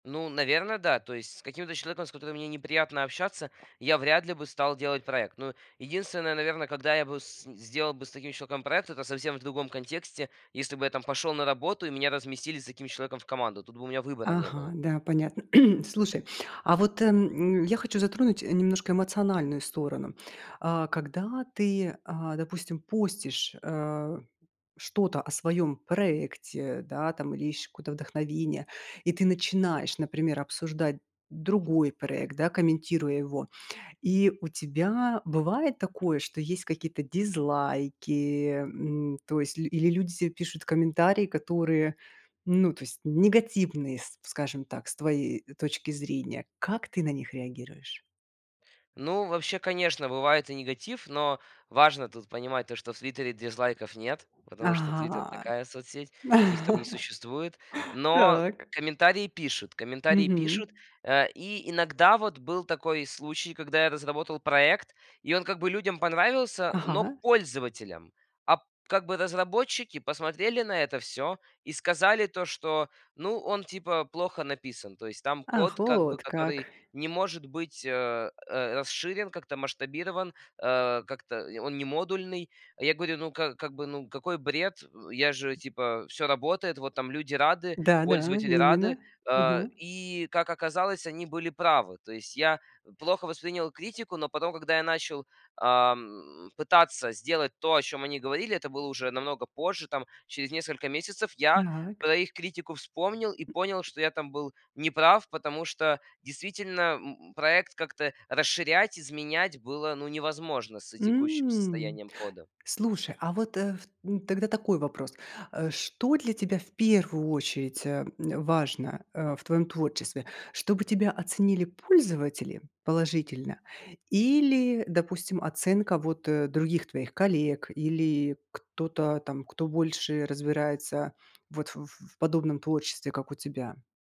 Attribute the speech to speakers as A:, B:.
A: Ну, наверное, да. То есть с каким-то человеком, с которым мне неприятно общаться, я вряд ли бы стал делать проект. Ну, единственное, наверно, когда я бы с сделал с таким человеком проект, это совсем в другом контексте. Если бы я там пошел на работу и меня разместили с таким человеком в команду. Тут бы у меня выбора не
B: Ага,
A: было.
B: да, понятно. Слушай, а вот эм, м, я хочу затронуть, э, немножко эмоциональную сторону. А когда ты, а, допустим, постишь, э, что-то о своём проекте, да, там, или ищешь какое-то вдохновение, и ты начинаешь, например, обсуждать другой проект, да, комментируя его. И у тебя бывает такое, что есть какие-то дизлайки, м. То есть ль или люди тебе пишут комментарии, которые, ну, то есть негативные, с скажем так, с твоей, э, точки зрения. Как ты на них реагируешь?
A: Ну вообще, конечно, бывает и негатив, но важно тут понимать то, что в "Твитере" дизлайков нет, потому что "Твитер"-
B: Ага.
A: такая соцсеть, их там не существует. Но
B: Так.
A: комментарии пишут, комментарии
B: Мгм.
A: пишут. А, и иногда вот был такой случай, когда я разработал проект, и он как бы людям понравился, но
B: Ага.
A: пользователям. А, п как бы разработчики посмотрели на это всё и сказали то, что: "Ну, он типа плохо написан". То есть там
B: Ах,
A: код как бы,
B: вот как.
A: который не может быть, а, э, расширен, как-то масштабирован, э, как-то, э, он не модульный. А я говорю: "Ну, как как бы, ну, какой бред". Э, я же, типа, всё работает. Вот там люди рады,
B: Да да,
A: пользователи
B: именно
A: рады. Э,
B: ага.
A: и, как оказалось, они были правы. То есть я плохо воспринял критику, но потом, когда я начал, ам, пытаться сделать то, о чем они говорили, это было уже намного позже, там через несколько месяцев, я
B: Так.
A: про их критику вспомнил и понял, что я там был неправ, потому что действительно, м м проект как-то расширять, изменять было, ну, невозможно с текущим
B: М.
A: состоянием кода.
B: Слушай, а вот, э, ф м, тогда такой вопрос. Э, что для тебя в первую очередь, а, э, важно, э, в твоём творчестве: чтобы тебя оценили пользователи положительно или, допустим, оценка вот, э, других твоих коллег или кто-то, там, кто больше разбирается вот в в подобном творчестве, как у тебя?